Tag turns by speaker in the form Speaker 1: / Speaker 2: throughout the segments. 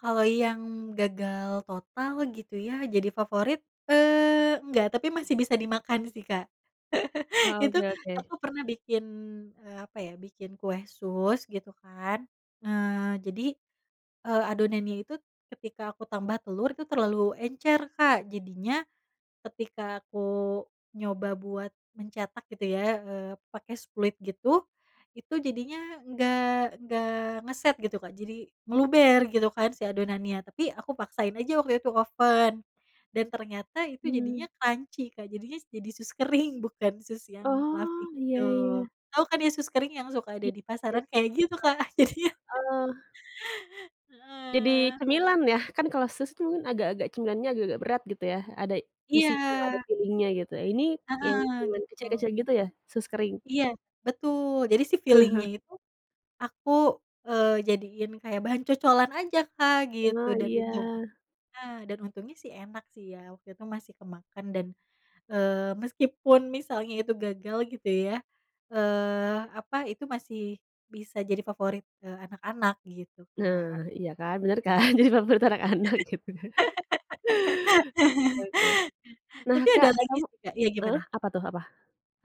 Speaker 1: Kalau yang gagal total gitu ya jadi favorit, eee, enggak tapi masih bisa dimakan sih, Kak.
Speaker 2: Oh,
Speaker 1: Itu
Speaker 2: oke
Speaker 1: aku
Speaker 2: oke.
Speaker 1: pernah bikin, eee, apa ya, bikin kue sus gitu kan. Eee, jadi, eee, adonannya itu ketika aku tambah telur itu terlalu encer, Kak. Jadinya ketika aku nyoba buat mencetak gitu ya, eee, pake spuit gitu. Itu jadinya nggak nggak ngeset gitu, Kak. Jadi meluber gitu kan si adonannya, tapi aku paksain aja waktu itu oven dan ternyata itu jadinya
Speaker 2: Mmm.
Speaker 1: crunchy, Kak, jadinya s jadi sus kering bukan sus yang fluffy
Speaker 2: Oh, iya
Speaker 1: gitu.
Speaker 2: iya iya.
Speaker 1: Tau kan ya sus kering yang suka ada
Speaker 2: Ya,
Speaker 1: di pasaran?
Speaker 2: [unintelligible]
Speaker 1: Kayak gitu, Kak, jadinya.
Speaker 2: heeh. Jadi
Speaker 1: Heeh.
Speaker 2: cemilan ya, kan kalau sus itu kan agak-agak cemilannya agak-agak berat gitu ya, ada isinya ada
Speaker 1: Iya.
Speaker 2: filling-nya gitu, ini yang
Speaker 1: Heeh,
Speaker 2: cuman
Speaker 1: gitu.
Speaker 2: kecil-kecil gitu ya, sus kering?
Speaker 1: Iya, betul jadi sih filling-nya itu aku, eee, jadiin kayak bahan cocolan aja, Kak, gitu
Speaker 2: Oh,
Speaker 1: dan
Speaker 2: iya.
Speaker 1: untung heeh, dan untungnya sih enak sih ya waktu itu masih kemakan dan, eee, meskipun misalnya itu gagal gitu ya, eee, apa itu, masih bisa jadi favorit, eee, anak-anak gitu,
Speaker 2: Nah,
Speaker 1: Kak.
Speaker 2: iya kan, bener kan, jadi favorit anak-anak gitu ya. Oke oke. Nah,
Speaker 1: Tapi ada
Speaker 2: Kak,
Speaker 1: lagi
Speaker 2: kamu
Speaker 1: sih, Kak iya
Speaker 2: heeh,
Speaker 1: gimana?
Speaker 2: apa tuh apa?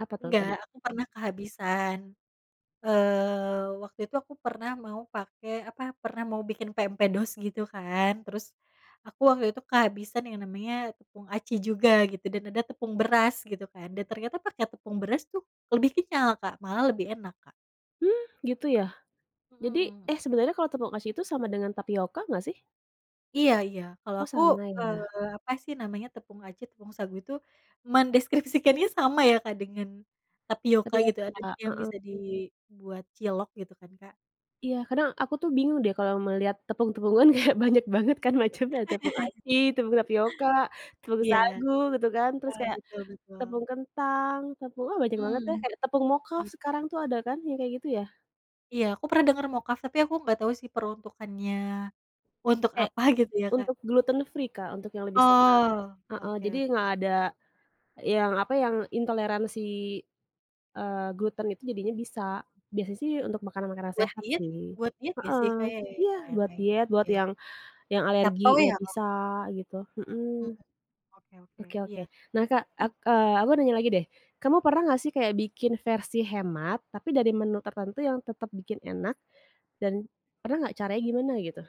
Speaker 2: Apa tuh
Speaker 1: Nggak,
Speaker 2: tadi?
Speaker 1: aku
Speaker 2: Mmm.
Speaker 1: pernah kehabisan eee, waktu itu aku pernah mau pake, apa, pernah mau bikin pempek dos gitu kan, terus aku waktu itu kehabisan yang namanya tepung aci juga gitu dan ada tepung beras gitu kan dan ternyata pake tepung beras tuh lebih kenyal, Kak, malah lebih enak, Kak.
Speaker 2: Hmm, gitu ya? Jadi
Speaker 1: Mhm.
Speaker 2: eh,
Speaker 1: M
Speaker 2: sebenarnya kalau tepung aci itu sama dengan tapioka nggak sih?
Speaker 1: Iya iya. Kalau
Speaker 2: Oh,
Speaker 1: aku,
Speaker 2: sama ya.
Speaker 1: eee, apa sih namanya, tepung aci, tepung sagu itu mendeskripsikannya sama ya, Kak, dengan tapioka gitu
Speaker 2: Tapioka,
Speaker 1: adonan yang
Speaker 2: heeh.
Speaker 1: bisa dibuat cilok gitu kan, Kak.
Speaker 2: Iya, kadang aku tuh bingung deh kalau melihat tepung-tepungan kayak banyak banget kan macamnya tepung aci, tepung tapioka, tepung
Speaker 1: Iya.
Speaker 2: sagu, gitu kan terus
Speaker 1: Iya
Speaker 2: kayak
Speaker 1: betul betul.
Speaker 2: tepung kentang, tepung ah, banyak banget
Speaker 1: Mmm,
Speaker 2: deh. Ada tepung mocaf
Speaker 1: gitu.
Speaker 2: sekarang tuh ada kan, yang kayak gitu ya?
Speaker 1: Iya aku pernah denger mocaf tapi aku gak tau sih peruntukannya, untuk
Speaker 2: Kayak
Speaker 1: apa gitu ya, Kak.
Speaker 2: untuk gluten free, Kak, untuk yang lebih sehat.
Speaker 1: Oh,
Speaker 2: Heeh,
Speaker 1: oke
Speaker 2: jadi
Speaker 1: oke.
Speaker 2: nggak ada yang, apa, yang intoleransi, eee, gluten itu jadinya bisa, biasanya sih untuk makanan-makanan
Speaker 1: Buat
Speaker 2: sehat
Speaker 1: diet
Speaker 2: sih.
Speaker 1: buat diet gak sih, Kak?
Speaker 2: Heeh,
Speaker 1: Ya ya ya
Speaker 2: iya
Speaker 1: ya,
Speaker 2: buat
Speaker 1: kaya begitu.
Speaker 2: diet buat
Speaker 1: Iya.
Speaker 2: yang yang
Speaker 1: Keto
Speaker 2: alergi,
Speaker 1: ya,
Speaker 2: nggak
Speaker 1: Kak?
Speaker 2: bisa gitu,
Speaker 1: Mhm,
Speaker 2: mhm.
Speaker 1: oke oke,
Speaker 2: Oke
Speaker 1: iya.
Speaker 2: oke. Nah, Kak,
Speaker 1: Heh.
Speaker 2: ak eee, aku nanya lagi deh, kamu pernah gak sih kayak bikin versi hemat tapi dari menu tertentu yang tetep bikin enak dan pernah gak, caranya gimana gitu?